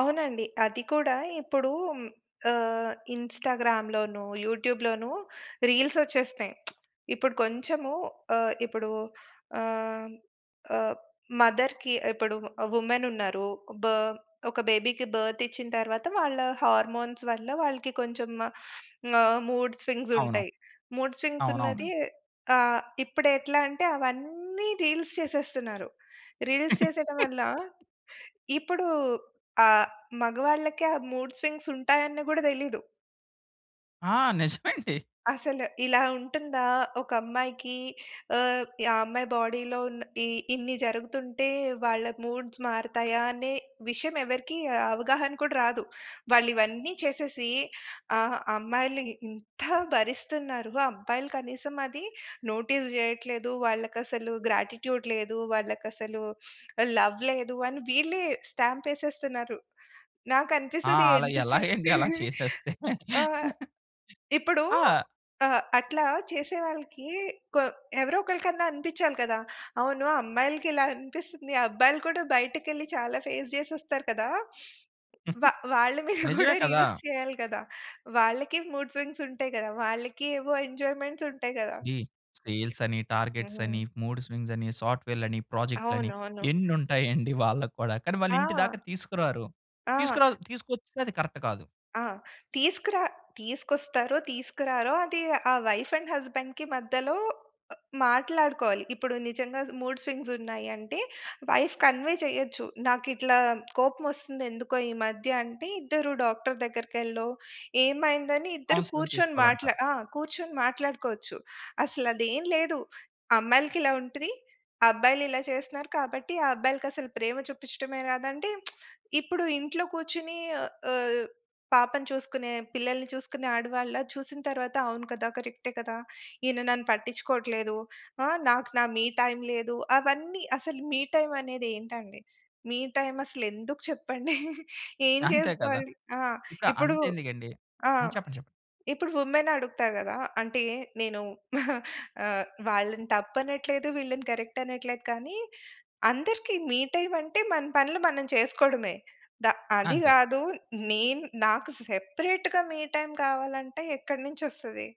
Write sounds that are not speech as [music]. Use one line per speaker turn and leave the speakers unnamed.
అవునండి. అది కూడా ఇప్పుడు ఆహ్, ఇన్‌స్టా‌గ్రామ్‌లోను, యూట్యూబ్‌లోనూ రీల్సొచ్చేస్తున్నయి. [smacks lips] ఇప్పుడు కొంచెము ఆహ్, ఇప్పుడు ఆహ్, ఆహ్ మదర్‌కి ఇప్పుడు ఆ! వుమెన్ ఉన్నారు బా ఒక బేబీ‌కి బర్త్ ఇచ్చిన తర్వాత వాళ్ళ హార్‌‌మోన్స్ వల్ల వాళ్ళకి కొంచెం ఆహ్, మూడ్ స్వింగ్స్
అవును.
ఉంటయి. మూడ్ స్వింగ్స్
అవునవును.
ఉన్నది ఆహ్, ఇప్పుడు ఎట్లా అంటే? అవన్నీ రీల్స్ చేసేస్తున్నారు. రీల్స్ చేసేయడం వల్ల
[laughs]
ఇప్పుడు ఆహ్, మగవాళ్ళకి ఆ మూడ్ స్వింగ్స్ ఉంటాయన్ని గూడా దెలీదు.
ఆ! నిజమండి. [chuckles]
అసలు ఇలా ఉంటుందా ఒక అమ్మాయికి? ఆహ్, ఆ అమ్మాయి బాడీ‌లో ఉన్న ఈ ఇన్ని జరుగుతుంటే వాళ్ళ మూడ్స్ మారతాయా అనే విషయం ఎవ్వరికీ అవగాహన కూడా రాదు. వాళ్ళు ఇవన్నీ చేసేసి ఆ! అమ్మాయిలు ఈ ఇంత భరిస్తున్నారు, అబ్బాయిలు కనీసం అది నోటీస్ జేయట్లేదు. వాళ్ళకసలు గ్రాటిట్యూడ్ లేదు. వాళ్ళకసలు లవ్ లేదు అని, వీళ్ళే స్టాంపేసేస్తున్నారు.
ఆ!
నాకనిపిస్తది
అలా
ఎంత సే
ఎలాగండి అలా
[chuckles]
చేసేస్తే?
ఆహ్,
[laughs]
ఇప్పుడు
ఆ!
ఆహ్, అట్లా చేసేవాళ్ళకి కొ ఎవరో ఒకలికన్నా అనిపిచ్చాలి కదా! అవును. అమ్మాయిలకి ఇలా అనిపిస్తుంది. అబ్బాయిలు కూడా బయటికెళ్లి చాలా ఫేస్ జేసి వస్తారు కదా! వా వాళ్ళ
[chuckles]
మీద
నిజమే
గూడా
కదా!
రీల్స్ చేయాలి గదా! వాళ్ళకి మూడ్ స్వింగ్స్ ఉంటయి గదా! వాళ్ళకి ఏవో ఎంజాయ్‌మెంట్స్ ఉంటయి గదా!
ఈ సేల్స్ అని, టార్గెట్స్ అని,
హ్మ్.
మూడ్ స్వింగ్స్ అని, సాఫ్ట్‌వేర్లని, ప్రాజెక్టులని
అవునవును.
ఎన్ని ఉంటాయండి వాళ్ళకి కూడా? కానీ వాళ్ళు ఇంటి దాకా
ఆ!
తీసుకురారు.
ఆ!
తీసుకురాదు తీసుకొచ్చినా అది కరెక్ట్ కాదు.
ఆ! తీసుకురా తీసుకొస్తారో? తీసుకురారో? అది ఆ వైఫ్ అండ్ హస్బెండ్‌కి మధ్యలో అ మాట్లాడుకోవాలి. ఇప్పుడు నిజంగా మూడ్ స్వింగ్స్ ఉన్నాయి అంటే, వైఫ్ కన్వే చేయొచ్చు. నాకిట్లా కోపం ఒస్తుంది ఎందుకో ఈ మధ్య? అంటే ఇద్దరు డాక్టరు దగ్గరికెల్లో ఏమైందని ఇద్దరు
కౌన్సెలింగ్
కూర్చొని మాట్లా
తీసుకోవాలంటారు.
ఆ! కూర్చొని మాట్లాడుకోవచ్చు. అసలు అది ఏం లేదు. అమ్మాయిలకి ఇలా ఉంటది. అబ్బాయిలు ఇలా చేస్తున్నారు. కాబట్టి ఆ అబ్బాయిలకి అసలు ప్రేమ చూపిచ్చటమే రాదండి. [smacks lips] ఇప్పుడు ఇంట్లో కూర్చుని ఆహ్, పాపని చూసుకునే పిల్లల్ని చూసుకునే ఆడవాళ్ళా చూసిన తర్వాత అవును కదా! కరెక్టే కదా! ఈయన నన్ను పట్టించుకోట్లేదు. ఆ! నాకు నా మీ టైం లేదు. అవన్నీ అసలు మీ టైం అనేది ఏంటండి? మీ టైం అసలు ఎందుకు చెప్పండి? [laughs] ఏం
అంతే కదా!
చేసుకోవాలి? ఆ!
ఇప్పుడు
ఇప్పుడు
అంత ఎందుకండి
ఆ!
హ్మ్. చెప్పండి, చెప్పండి.
ఇప్పుడు వుమెన్ అడుగుతారు గదా! అంటే నేను [giggles] ఆహ్, వాళ్ళని తప్పనట్లేదు, వీళ్ళని కరెక్ట్ అనట్లేదు, కానీ అందరికి మీ టైం అంటే, మన పనులు మనం చేసుకోడమే. దా అది
అంతే.
గాదు నేను నాకు సెపరేట్‌గా మీ టైం కావాలంటే ఎక్కడి నుంచొస్తది?